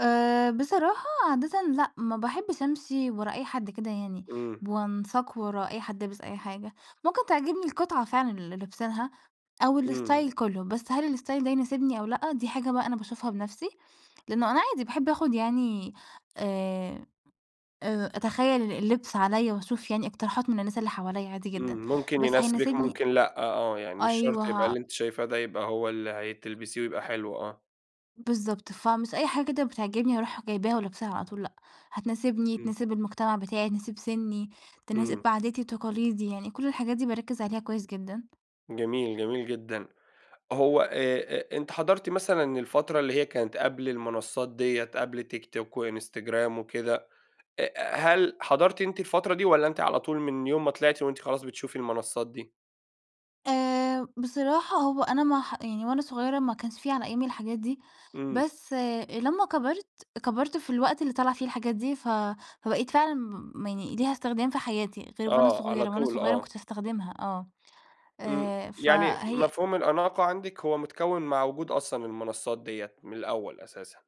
آآ بصراحة عادةً لأ، ما باحبش أمشِي ورا أي حد كده يعني، إمم. ب وأنساق ورا أي حد لابس أي حاجة، ممكن تعجبني القطعة فعلًا اللي لابسينها أو إمم. الstyle كلّه بس هل الstyle ده يناسبني أو لأ، دي حاجة بقى أنا باشوفها بنفْسي، لأنه أنا عادي باحب آخُد يعني آآ، أ أتخيّل ال اللبس عليَّ وأشوف يعني إقتراحات من الناس اللي حواليّا عادي جدًا، امم، ممكن بس يناسبِك، هيناسبني ممكن لأ، آه، يعني مش شرْط يبقى أيوه اللي ه أنتِ شايفاه ده يبقى هو اللي هي تلبِسيه ويبقى حلو. آه. بالضبط، فمش أي حاجة كده بتعجبني أرُوح جايباها ولابساها على طول، لأ، هتناسبني، إمم. تناسِب المجتمَع بتاعي، تناسِب سِنّي، تناسِب إمم. عاداتي وتقاليدي، يعني كل الحاجات دي باركّز عليها كويس جدًا. جميل، جميل جدًا، هو آآ، آآ أنتِ حضَرتِ مثلًا الفترة اللي هي كانت قبْل المنصّات دِيّة، قبل تيك توك وإنستجرام وكده آآ، هل حضَرتِ أنتِ الفترة دي والّا أنتِ على طول من يوم ما طلِعتِ وأنت خلاص بتشوفي المنصّات دي؟ آآ، بصراحة هو أنا ما حَ يعني وأنا صغيّرة ما كانش في على أيامي الحاجات دي، إمم. بس لمّا كبَرت، كبَرت في الوقت اللي طلَع فيه الحاجات دي، ف فبقِيت فعلًا ب يعني ليها إستخدام في حياتي غِير وأنا آه، على صغيرة، وأنا طول، صغيرة ما آه. كنتش استخدمها، آه إمم، آآ، يعني فهي مفهوم الأناقة عندِك هو متكوِّن مع وجود أصلًا المنصّات دِيّة من الأول أساسًا.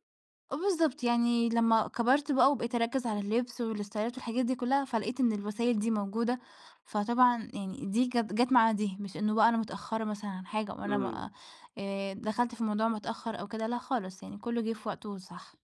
آه بالضبط، يعني لما كبَرت بقى وبقِيت أركّز على اللبس والاستايلات والحاجات دي كلّها فلقِيت إن الوسايل دي موجودة، فطبعًا يعني دي كات جات مع دي، مش إنّه بقى أنا متأخّرة مثلًا عن حاجة وأنا إمم. م آآ دخَلت في الموضوع متأخّر أو كده، لأ خالص، يعني كلّه جِه في وقته الصح.